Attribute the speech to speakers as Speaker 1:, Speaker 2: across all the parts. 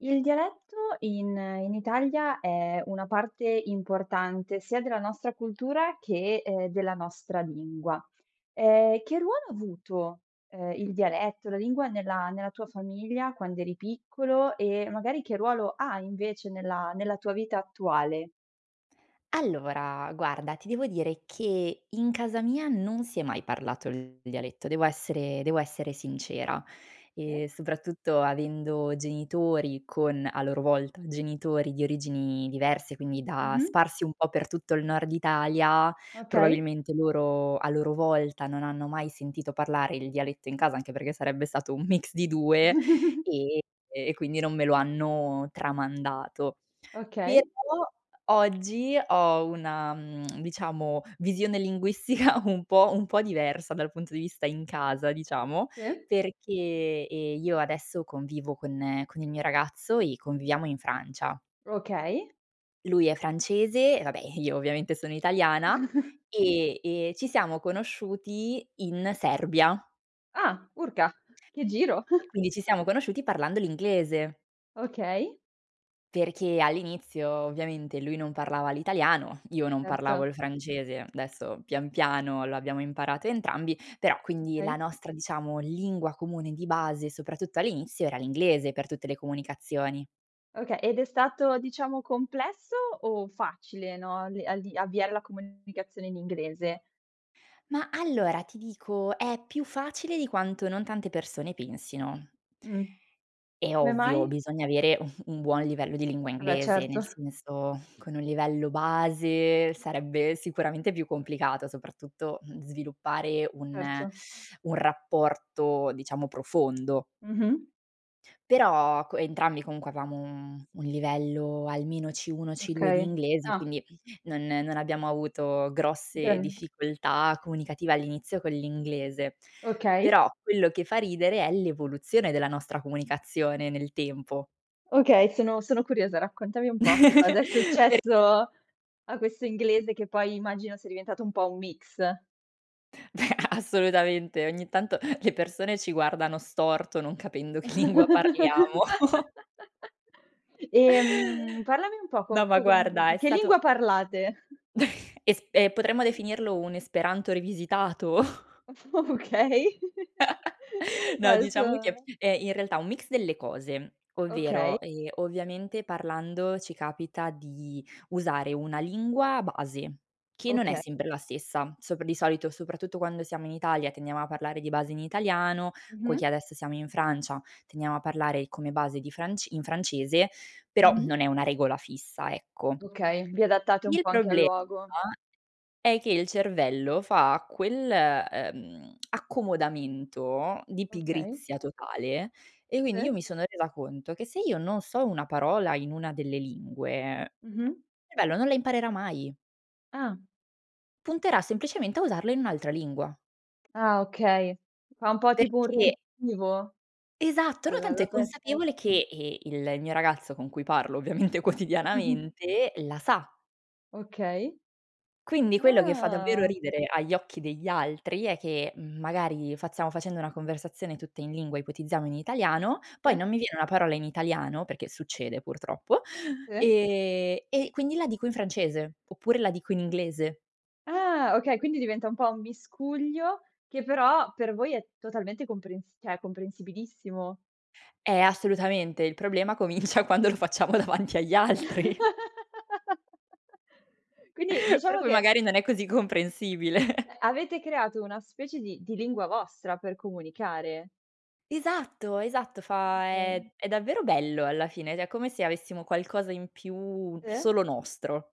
Speaker 1: Il dialetto, in in Italia, è una parte importante, sia della nostra cultura che, ehm, della nostra lingua. Ehm, che ruolo ha avuto, ehm, il dialetto, la lingua nella nella tua famiglia quando eri piccolo, e magari che ruolo ha invece, nella nella tua vita attuale?
Speaker 2: Allora, guarda, ti devo dire che in casa mia non si è mai parlato il dialetto, devo essere devo essere sincera. Ehm,
Speaker 1: Sì.
Speaker 2: soprattutto avendo genitori con, a loro volta, genitori di origini diverse, quindi da
Speaker 1: Mh-mh.
Speaker 2: sparsi un po' per tutto il nord Italia,
Speaker 1: Okay.
Speaker 2: probabilmente, loro, a loro volta, non hanno mai sentito parlare il dialetto in casa, anche perché sarebbe stato un mix di 2, ehm, e quindi non me lo hanno tramandato. Però,
Speaker 1: Okay.
Speaker 2: oggi ho una, mhmm, diciamo visione linguistica un po' un po' diversa, dal punto di vista in casa, diciamo,
Speaker 1: Sì.
Speaker 2: perché, ehm, io adesso convivo con con il mio ragazzo e conviviamo in Francia.
Speaker 1: Okay.
Speaker 2: Lui è francese e vabbè, ehm, io ovviamente, sono italiana, ehm, e ci siamo conosciuti in Serbia.
Speaker 1: Ah, Urca, che giro!
Speaker 2: Quindi ci siamo conosciuti parlando l'inglese.
Speaker 1: Okay.
Speaker 2: Perché all'inizio ovviamente, lui non parlava l'italiano, io non parlavo
Speaker 1: Certo.
Speaker 2: il francese, adesso pian piano lo abbiamo imparato entrambi, però, quindi la
Speaker 1: Okay.
Speaker 2: nostra diciamo lingua comune di base, soprattutto all'inizio era l'inglese per tutte le comunicazioni.
Speaker 1: Okay. Ed è stato, diciamo complesso o facile? No, a d a di avviare la comunicazione in inglese.
Speaker 2: Mah, allora ti dico, è più facile di quanto non tante persone pensino.
Speaker 1: Mh.
Speaker 2: È
Speaker 1: Come
Speaker 2: ovvio,
Speaker 1: mai?
Speaker 2: bisogna avere, un un buon livello di lingua
Speaker 1: Vabbè,
Speaker 2: inglese, nel
Speaker 1: certo.
Speaker 2: senso, con un livello base sarebbe sicuramente, più complicato, soprattutto, mhmm, sviluppare un
Speaker 1: Certo.
Speaker 2: un rapporto diciamo profondo.
Speaker 1: Mh-mh.
Speaker 2: Però, co entrambi comunque, avevamo un mhmm, un livello almeno C1, C2 di
Speaker 1: Okay.
Speaker 2: inglese,
Speaker 1: Ah.
Speaker 2: quindi, non non abbiamo avuto grosse
Speaker 1: Okay.
Speaker 2: difficoltà comunicative all'inizio con l'inglese.
Speaker 1: Okay.
Speaker 2: Però, quello che fa ridere è l'evoluzione della nostra comunicazione nel tempo.
Speaker 1: Ok, sono sono curiosa. Raccontami un po' che cosa è
Speaker 2: Per...
Speaker 1: successo a questo inglese che poi immagino sia diventato un po' un mix.
Speaker 2: Assolutamente, ogni tanto le persone, ci guardano storto non capendo che lingua parliamo.
Speaker 1: Ehm, parlami un po' co
Speaker 2: No,
Speaker 1: co
Speaker 2: ma
Speaker 1: con
Speaker 2: guarda, è
Speaker 1: che lingua
Speaker 2: stato
Speaker 1: parlate?
Speaker 2: es e potremmo definirlo un esperanto rivisitato.
Speaker 1: Okay.
Speaker 2: No, diciamo che
Speaker 1: Adesso
Speaker 2: è in realtà un mix delle cose,
Speaker 1: Okay.
Speaker 2: ovvero, ehm, ovviamente parlando ci capita di usare una lingua base, che non è
Speaker 1: Okay.
Speaker 2: sempre la stessa sopra di solito, soprattutto quando siamo in Italia tendiamo a parlare di base in italiano,
Speaker 1: Mh-mh.
Speaker 2: poiché adesso siamo in Francia, tendiamo a parlare come base di franc in francese, però
Speaker 1: Mh-mh.
Speaker 2: non è una regola fissa, ecco.
Speaker 1: Okay. Vi adattate un
Speaker 2: Il
Speaker 1: po' anche al
Speaker 2: problema
Speaker 1: luogo.
Speaker 2: è che il cervello fa quel, ehm, accomodamento di
Speaker 1: Okay.
Speaker 2: pigrizia totale, e quindi io
Speaker 1: Sì.
Speaker 2: mi sono resa conto, che se io non so una parola in una delle lingue,
Speaker 1: Mh-mh.
Speaker 2: cervello non la imparerà mai.
Speaker 1: Ah.
Speaker 2: Punterà semplicemente a usarlo in un'altra lingua.
Speaker 1: Ah, okay. Fa un po' tipo un
Speaker 2: Perché
Speaker 1: riempivo?
Speaker 2: Esatto,
Speaker 1: La
Speaker 2: no
Speaker 1: la
Speaker 2: tanto è
Speaker 1: la peste.
Speaker 2: consapevole che, ehm, il mio ragazzo con cui parlo ovviamente
Speaker 1: Mh-mh.
Speaker 2: quotidianamente la sa.
Speaker 1: Okay.
Speaker 2: Quindi, quello che fa davvero
Speaker 1: Ah.
Speaker 2: ridere agli occhi degli altri è che, mhmm, magari fa stiamo facendo una conversazione tutta in lingua, ipotizziamo in italiano, poi non
Speaker 1: Sì.
Speaker 2: mi viene una parola in italiano, perché succede purtroppo,
Speaker 1: Sì.
Speaker 2: ehm, e quindi la dico in francese, oppure la dico in inglese.
Speaker 1: Ah, okay, quindi diventa un po' un miscuglio, che però per voi è totalmente comprensi cioè comprensibilissimo.
Speaker 2: Eh assolutamente, il problema comincia quando lo facciamo davanti agli altri.
Speaker 1: Quindi
Speaker 2: Per
Speaker 1: diciamo
Speaker 2: cui
Speaker 1: che
Speaker 2: magari non è così comprensibile.
Speaker 1: avete creato una specie di di lingua vostra, per comunicare.
Speaker 2: Esatto, esatto, fa
Speaker 1: Okay.
Speaker 2: è è davvero bello alla fine, cioè è come se avessimo qualcosa in più,
Speaker 1: Sì.
Speaker 2: solo nostro.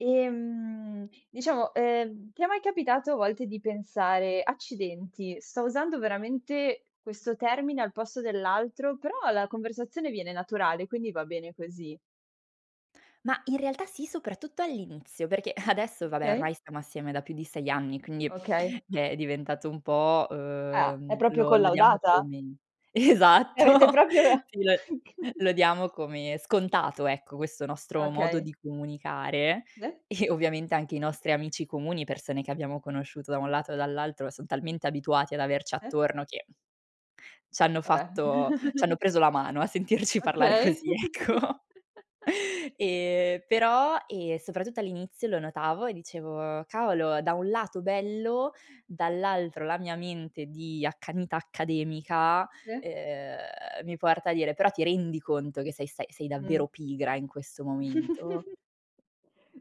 Speaker 1: Ehm, diciamo, ehm, ti è mai capitato a volte di pensare: "Accidenti, sto usando veramente questo termine al posto dell'altro, però la conversazione viene naturale, quindi va bene così?"
Speaker 2: Mah, in realtà sì, soprattutto all'inizio. Perché adesso,
Speaker 1: Mh,
Speaker 2: va beh,
Speaker 1: okay.
Speaker 2: ormai stiamo assieme da più di 6 anni, quindi,
Speaker 1: Okay.
Speaker 2: è è diventato un po',
Speaker 1: Ah, è
Speaker 2: uhm
Speaker 1: proprio
Speaker 2: lo lo diamo
Speaker 1: collaudata?
Speaker 2: come
Speaker 1: E avete
Speaker 2: esatto!
Speaker 1: proprio.
Speaker 2: Sì, lo
Speaker 1: [unintelligible]
Speaker 2: lo diamo come scontato, ecco, questo nostro modo
Speaker 1: Okay.
Speaker 2: di comunicare.
Speaker 1: De?
Speaker 2: E, ovviamente, anche i nostri amici comuni, persone che abbiamo conosciuto da un lato e dall'altro, son talmente abituati ad averci
Speaker 1: Eh?
Speaker 2: attorno che c'hanno
Speaker 1: Vabbè.
Speaker 2: fatto c'hanno preso la mano a sentirci parlare
Speaker 1: Okay.
Speaker 2: così, ecco. Ehm, però, ehm, soprattutto all'inizio lo notavo e dicevo: "Cavolo, da un lato bello, dall'altro, la mia mente di accanita accademica,
Speaker 1: Sì.
Speaker 2: ehm, mi porta a dire: 'Però ti rendi conto che sei stai sei
Speaker 1: Mh.
Speaker 2: davvero pigra in questo momento?'"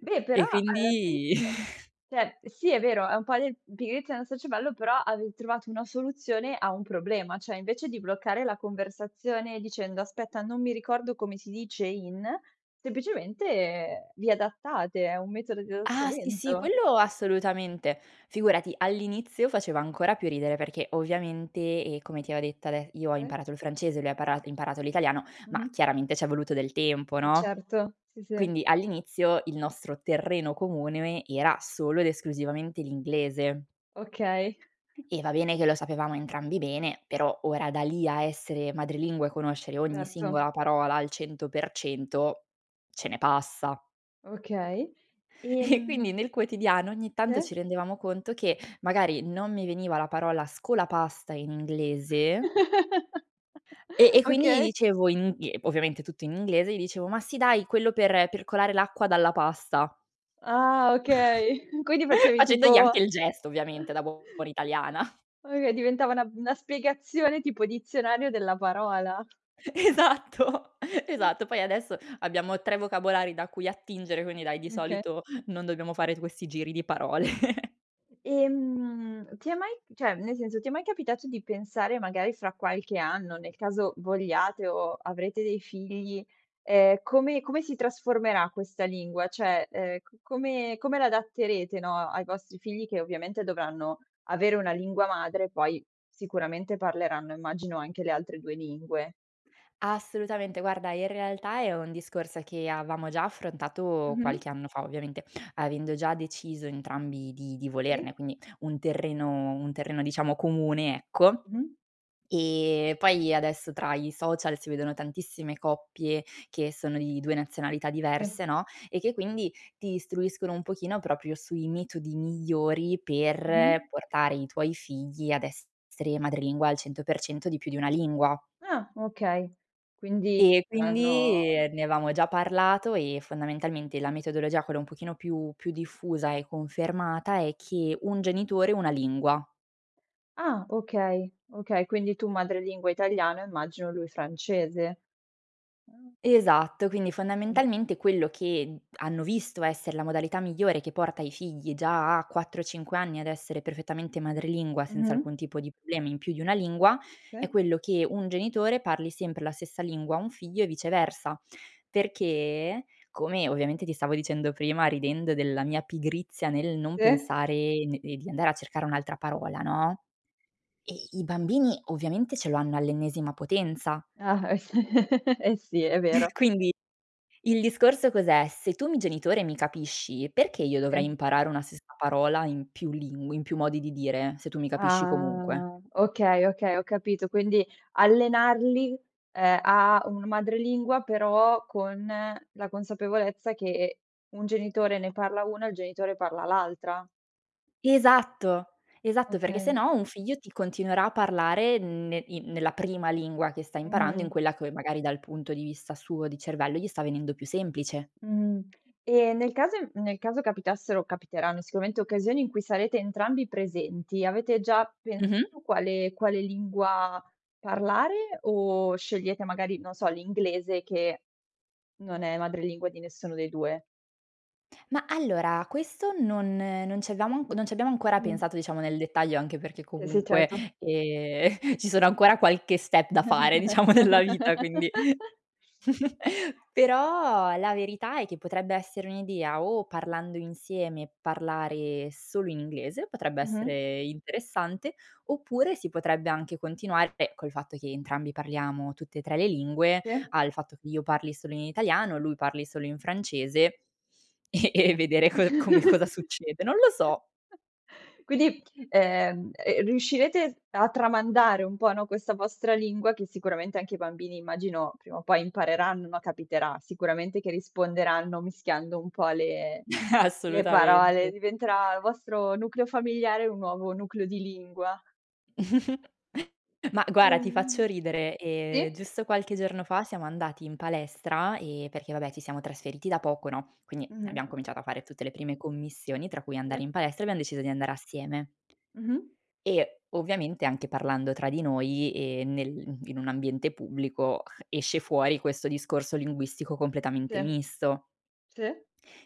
Speaker 1: Beh, però
Speaker 2: E
Speaker 1: alla fine
Speaker 2: quindi
Speaker 1: cioè, sì, è vero, è un po' di pigrizia nostra cervello, però avevi trovato una soluzione a un problema: cioè invece di bloccare la conversazione dicendo: "Aspetta non mi ricordo come si dice in," semplicemente vi adattate, è un metodo
Speaker 2: Ah! Sì, sì!
Speaker 1: d'adattamento.
Speaker 2: Quello assolutamente. Figurati, all'inizio faceva ancora più ridere perché, ovviamente, e come ti avevo detto ade io ho
Speaker 1: Mh.
Speaker 2: imparato il francese, lui ha para imparato l'italiano, ma
Speaker 1: Mh-mh.
Speaker 2: chiaramente c'è voluto del tempo,
Speaker 1: Eh,
Speaker 2: no.
Speaker 1: certo. Sì, sì.
Speaker 2: Quindi all'inizio il nostro terreno comune era solo ed esclusivamente l'inglese.
Speaker 1: Okay.
Speaker 2: E va bene che lo sapevamo entrambi bene, però ora da lì a essere madrelingua e conoscere ogni
Speaker 1: Erto.
Speaker 2: singola parola al 100% ce ne passa.
Speaker 1: Okay,
Speaker 2: E quindi,
Speaker 1: ehm
Speaker 2: nel quotidiano ogni tanto, ci
Speaker 1: Se.
Speaker 2: rendevamo conto che, magari non mi veniva la parola scolapasta in inglese e e quindi gli
Speaker 1: Okay.
Speaker 2: dicevo in ovviamente tutto in inglese, gli dicevo: "Ma sì dai, quello per per colare l'acqua dalla pasta".
Speaker 1: Ah, okay. Quindi facevi
Speaker 2: Facendogli anche
Speaker 1: tipo
Speaker 2: il gesto, ovviamente da buona italiana.
Speaker 1: o e diventava una una spiegazione tipo dizionario della parola.
Speaker 2: Esatto, esatto, poi adesso, abbiamo 3 vocabolari da cui attingere, quindi dai, di
Speaker 1: Oka
Speaker 2: solito, non dobbiamo fare questi giri di parole.
Speaker 1: Ehm, ti è mai cioè, nel senso, ti è mai capitato di pensare magari fra qualche anno, nel caso vogliate o avrete dei figli, ehm, come come si trasformerà questa lingua? Cioè, ehm, come come l'adatterete no, ai vostri figli che ovviamente dovranno avere una lingua madre, poi, sicuramente parleranno, immagino anche le altre 2 lingue?
Speaker 2: Assolutamente, guarda in realtà è un discorso che, avevamo già affrontato
Speaker 1: Mh-mh.
Speaker 2: qualche anno fa, ovviamente, avendo già deciso entrambi di di
Speaker 1: Sì.
Speaker 2: volerne, quindi un terreno un terreno diciamo comune, ecco.
Speaker 1: Mh-mh.
Speaker 2: Ehm, poi adesso tra i social si vedono tantissime coppie che sono di 2 nazionalità
Speaker 1: Sì.
Speaker 2: diverse, no, e che quindi, ti istruiscono un pochino proprio sui metodi migliori per
Speaker 1: Mh-mh.
Speaker 2: portare i tuoi figli ad essere madrelingua al 100% di più di una lingua.
Speaker 1: Ah, okay. Quindi
Speaker 2: Ehm,
Speaker 1: saranno
Speaker 2: quindi ne avevamo già parlato e fondamentalmente, la metodologia, quella un pochino più più diffusa e confermata è che un genitore, una lingua.
Speaker 1: Ah okay, okay, quindi tu madrelingua italiana, immagino lui francese. Ah.
Speaker 2: Esatto, quindi
Speaker 1: Mh-mh.
Speaker 2: fondamentalmente quello che hanno visto essere la modalità migliore che porta i figli già a 4-5 anni ad essere perfettamente madrelingua, senza
Speaker 1: Mh-mh.
Speaker 2: alcun tipo di problema in più di una lingua, è
Speaker 1: Sì.
Speaker 2: quello che un genitore parli sempre la stessa lingua a un figlio e viceversa. Perché, come ovviamente ti stavo dicendo prima ridendo della mia pigrizia nel non
Speaker 1: Sì.
Speaker 2: pensare d di andare a cercare un'altra parola no, ehm, i bambini ovviamente ce lo hanno all'ennesima potenza.
Speaker 1: Ah, eh s eh sì, è vero.
Speaker 2: Quindi il discorso cos'è: se tu mi genitore mi capisci, perché io dovrei
Speaker 1: Sì.
Speaker 2: imparare una stessa parola in più ling in più modi di dire, se tu mi capisci comunque.
Speaker 1: Ah. Okay, okay, ho capito, quindi allenarli, ehm, a un madrelingua, però con la consapevolezza che un genitore ne parla una e il genitore parla all'altra.
Speaker 2: Esatto, esatto, perché
Speaker 1: Okay.
Speaker 2: sennò un figlio ti continuerà a parlare ne i nella prima lingua che sta imparando, in
Speaker 1: Mh-mh.
Speaker 2: quella c magari dal punto di vista suo, di cervello, gli sta venendo più semplice.
Speaker 1: Mhmm. E nel caso nel caso capitassero, capiteranno sicuramente, occasioni in cui sarete entrambi presenti avete già
Speaker 2: Mh-mh.
Speaker 1: pensato quale quale lingua parlare, o scegliete magari, non so, l'inglese che non è madrelingua di nessuno dei 2?
Speaker 2: Ma allora, questo non non ci abbiamo anc non ci abbiamo ancora
Speaker 1: Mh.
Speaker 2: pensato diciamo nel dettaglio, anche perché
Speaker 1: Sì, sì,
Speaker 2: comunque,
Speaker 1: certo.
Speaker 2: ehm, ci sono ancora qualche step da fare, diciamo nella vita quindi però la verità è che potrebbe essere un'idea o parlando insieme, parlare solo in inglese, potrebbe
Speaker 1: Mh-mh.
Speaker 2: essere interessante, oppure si potrebbe anche continuare beh, col fatto che entrambi parliamo tutte e 3 le lingue,
Speaker 1: Sì.
Speaker 2: al fatto che io parli solo in italiano, lui parli solo in francese e e vedere co come cosa succede. Non lo so.
Speaker 1: Quindi, ehm ehm, riuscirete a tramandare un po' no, questa vostra lingua che sicuramente anche i bambini immagino, prima o poi impareranno, no, capiterà sicuramente che risponderanno mischiando un po' le le parole,
Speaker 2: Assolutamente.
Speaker 1: diventerà il vostro nucleo familiare, un nuovo nucleo di lingua.
Speaker 2: Ma guarda ti
Speaker 1: Ehm
Speaker 2: faccio ridere, ehm,
Speaker 1: sì.
Speaker 2: giusto qualche giorno fa siamo andati in palestra e perché vabbè, ci siamo trasferiti da poco, no, quindi
Speaker 1: Mh-mh.
Speaker 2: abbiamo cominciato a fare tutte le prime commissioni, tra cui andare
Speaker 1: Sì.
Speaker 2: in palestra e abbiamo deciso di andare assieme
Speaker 1: Mh-mh.
Speaker 2: e ovviamente anche parlando tra di noi e nel in un ambiente pubblico, esce fuori questo discorso linguistico completamente
Speaker 1: Sì.
Speaker 2: misto.
Speaker 1: Sì.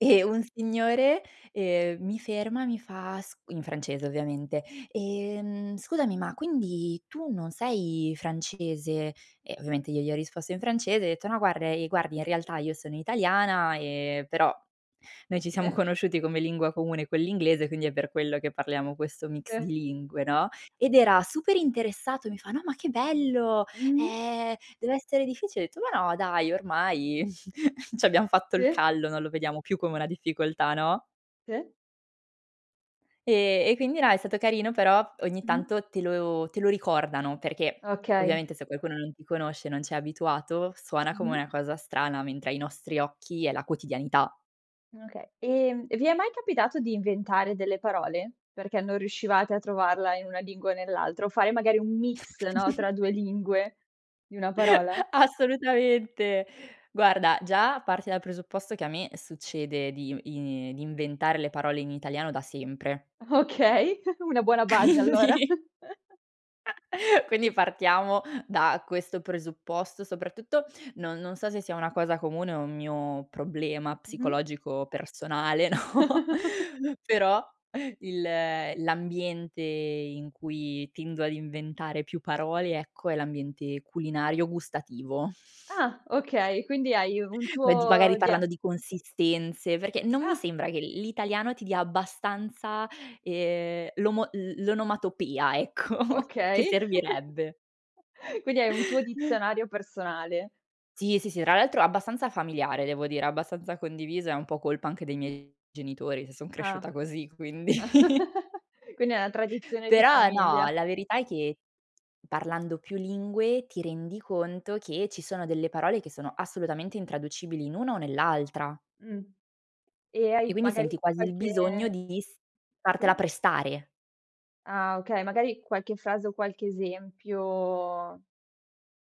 Speaker 2: E un signore, ehm, mi ferma e mi fa s in francese, ovviamente: "Ehm, scusami ma quindi tu non sei francese?" E ovviamente io gli ho risposto in francese, e ho detto: "No, guarda ehm, guardi in realtà io sono italiana, ehm, però, noi ci siamo
Speaker 1: Sì.
Speaker 2: conosciuti come lingua comune quell'inglese, quindi è per quello che parliamo questo mix di
Speaker 1: Sì.
Speaker 2: lingue", no. Ed era super interessato e mi fa: "No ma che bello.
Speaker 1: Mh-mh.
Speaker 2: Ehm, dev'essere difficile." Ho detto: "Ma no dai, ormai c'abbiam fatto il
Speaker 1: Sì.
Speaker 2: callo, non lo vediamo più come una difficoltà", no?
Speaker 1: Sì.
Speaker 2: Ehm, e quindi no, è stato carino, però ogni
Speaker 1: Mh-mh.
Speaker 2: tanto te lo te lo ricordano perché,
Speaker 1: Okay.
Speaker 2: ovviamente se qualcuno non ti conosce, non c'è abituato, suona come
Speaker 1: Mh-mh.
Speaker 2: una cosa strana, mentre ai nostri occhi è la quotidianità.
Speaker 1: Okay, ehm, e vi è mai capitato di inventare delle parole? Perché non riuscivate a trovarla in una lingua o nell'altra o fare magari un mix no, tra 2 lingue, di 1 parola?
Speaker 2: Assolutamente. Guarda, già parti dal presupposto che a me succede di i di inventare le parole in italiano da sempre.
Speaker 1: Okay. Una buona base, allora.
Speaker 2: Quindi quindi partiamo da questo presupposto, soprattutto non non so se sia una cosa comune o un mio problema
Speaker 1: Mh-mh.
Speaker 2: psicologico personale, no, però, il l'ambiente in cui tendo ad inventare più parole ecco, è l'ambiente culinario gustativo.
Speaker 1: Ah, okay. Quindi hai u un
Speaker 2: Ma di magari
Speaker 1: tuo dia
Speaker 2: parlando di consistenze, perché non mi
Speaker 1: Ah.
Speaker 2: sembra che l l'italiano ti dia abbastanza, ehm, l'omo l l'onomatopea. Ecco. Che
Speaker 1: Okay.
Speaker 2: servirebbe.
Speaker 1: Quindi hai un tuo dizionario personale.
Speaker 2: Sì, sì, sì, tra l'altro è abbastanza familiare devo dire, abbastanza condiviso, è un po' colpa anche dei miei genitori se son
Speaker 1: Ah,
Speaker 2: cresciuta così, quindi.
Speaker 1: quindi è una tradizione di
Speaker 2: Però no,
Speaker 1: famiglia.
Speaker 2: la verità è che, parlando più lingue ti rendi conto che ci sono delle parole che sono assolutamente intraducibili in una o nell'altra
Speaker 1: Mh. E hai
Speaker 2: e quindi
Speaker 1: magari
Speaker 2: senti quasi il
Speaker 1: qualche
Speaker 2: bisogno di s fartela
Speaker 1: Sì.
Speaker 2: prestare.
Speaker 1: Ah, okay. Magari qualche frase o qualche esempio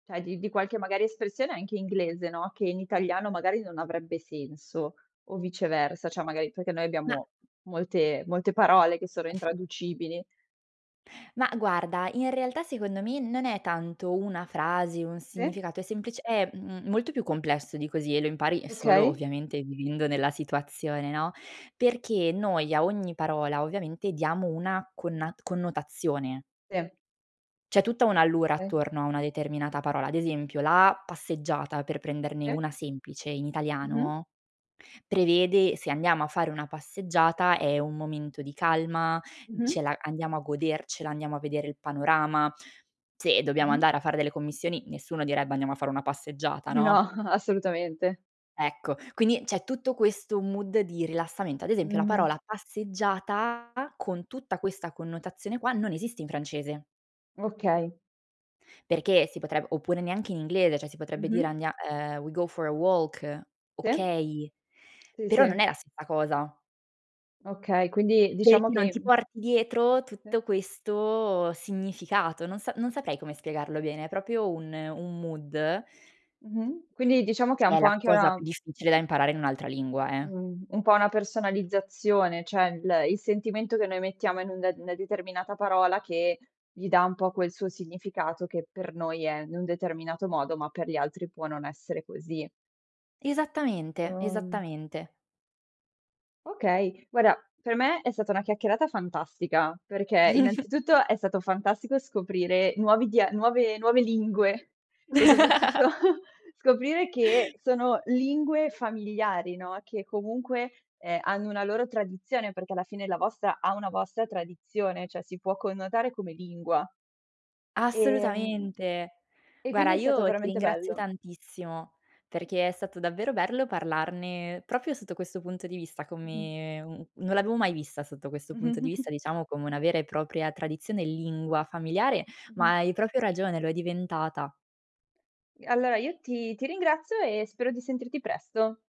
Speaker 1: cioè di di qualche magari espressione anche inglese, no, che in italiano magari non avrebbe senso, o viceversa, cioè magari perché noi
Speaker 2: Ma
Speaker 1: abbiamo molte molte parole che sono intraducibili.
Speaker 2: ma guarda, in realtà secondo me non è tanto una frase, un
Speaker 1: Sì.
Speaker 2: significato, è semplice è m molto più complesso di così e lo impari, uhm, solo
Speaker 1: Okay.
Speaker 2: ovviamente vivendo nella situazione, no. Perché noi a ogni parola, ovviamente diamo una connat connotazione
Speaker 1: Sì.
Speaker 2: c'è tutta un' allure
Speaker 1: Okay.
Speaker 2: attorno a una determinata parola, ad esempio la passeggiata, per prenderne
Speaker 1: Sì.
Speaker 2: una semplice in
Speaker 1: Mh-mh.
Speaker 2: italiano, prevede se andiamo a fare una passeggiata è un momento di calma,
Speaker 1: Mh-mh.
Speaker 2: ce la andiamo a godercela, andiamo a vedere il panorama. Se dobbiamo
Speaker 1: Mh-mh.
Speaker 2: andare a fare delle commissioni, nessuno direbbe andiamo a fare una passeggiata,
Speaker 1: No,
Speaker 2: no?
Speaker 1: assolutamente.
Speaker 2: Ecco quindi c'è tutto questo mood di rilassamento, ad esempio la parola
Speaker 1: Mh-mh.
Speaker 2: passeggiata, con tutta questa connotazione qua non esiste in francese.
Speaker 1: Okay.
Speaker 2: Perché si potre oppure neanche in inglese cioè si potrebbe dire
Speaker 1: Mh-mh.
Speaker 2: andia uhm, we go for a walk,
Speaker 1: Sì.
Speaker 2: okay,
Speaker 1: Sì,
Speaker 2: però
Speaker 1: sì.
Speaker 2: non è la stessa cosa.
Speaker 1: Okay, quindi
Speaker 2: Perché
Speaker 1: diciamo
Speaker 2: non
Speaker 1: che,
Speaker 2: ti
Speaker 1: mhmm
Speaker 2: porti dietro
Speaker 1: Sì.
Speaker 2: tutto questo significato non sa non saprei come spiegarlo bene, è proprio un un mood.
Speaker 1: Mh-mh. Quindi diciamo che è
Speaker 2: Che
Speaker 1: un
Speaker 2: è
Speaker 1: po'
Speaker 2: la
Speaker 1: anche
Speaker 2: cosa
Speaker 1: una
Speaker 2: più difficile da imparare in un'altra lingua, eh.
Speaker 1: uhm, un po' una personalizzazione, cioè il il sentimento che noi mettiamo in un una determinata parola che gli dà un po' quel suo significato che per noi è in un determinato modo ma per gli altri può non essere così.
Speaker 2: Esattamente,
Speaker 1: Uhm
Speaker 2: esattamente.
Speaker 1: Okay, guarda per me è stata una chiacchierata fantastica, perché innanzitutto è stato fantastico, scoprire nuovi dia nuove nuove lingue, e soprattutto scoprire che sono lingue familiari no, che comunque, ehm, hanno una loro tradizione, perché alla fine la vostra ha una vostra tradizione, cioè si può connotare come lingua. Ehm
Speaker 2: Assolutamente.
Speaker 1: e
Speaker 2: Guarda
Speaker 1: quindi è stato
Speaker 2: io ti
Speaker 1: veramente
Speaker 2: ringrazio
Speaker 1: bello.
Speaker 2: tantissimo, perché è stato davvero bello parlarne proprio sotto questo punto di vista
Speaker 1: Mh-mh.
Speaker 2: come un non l'avevo mai vista sotto questo punto di vista, diciamo come una vera e propria tradizione e lingua familiare, ma
Speaker 1: Mh-mh.
Speaker 2: hai proprio ragione, lo è diventata.
Speaker 1: Allora io ti ti ringrazio e spero di sentirti presto.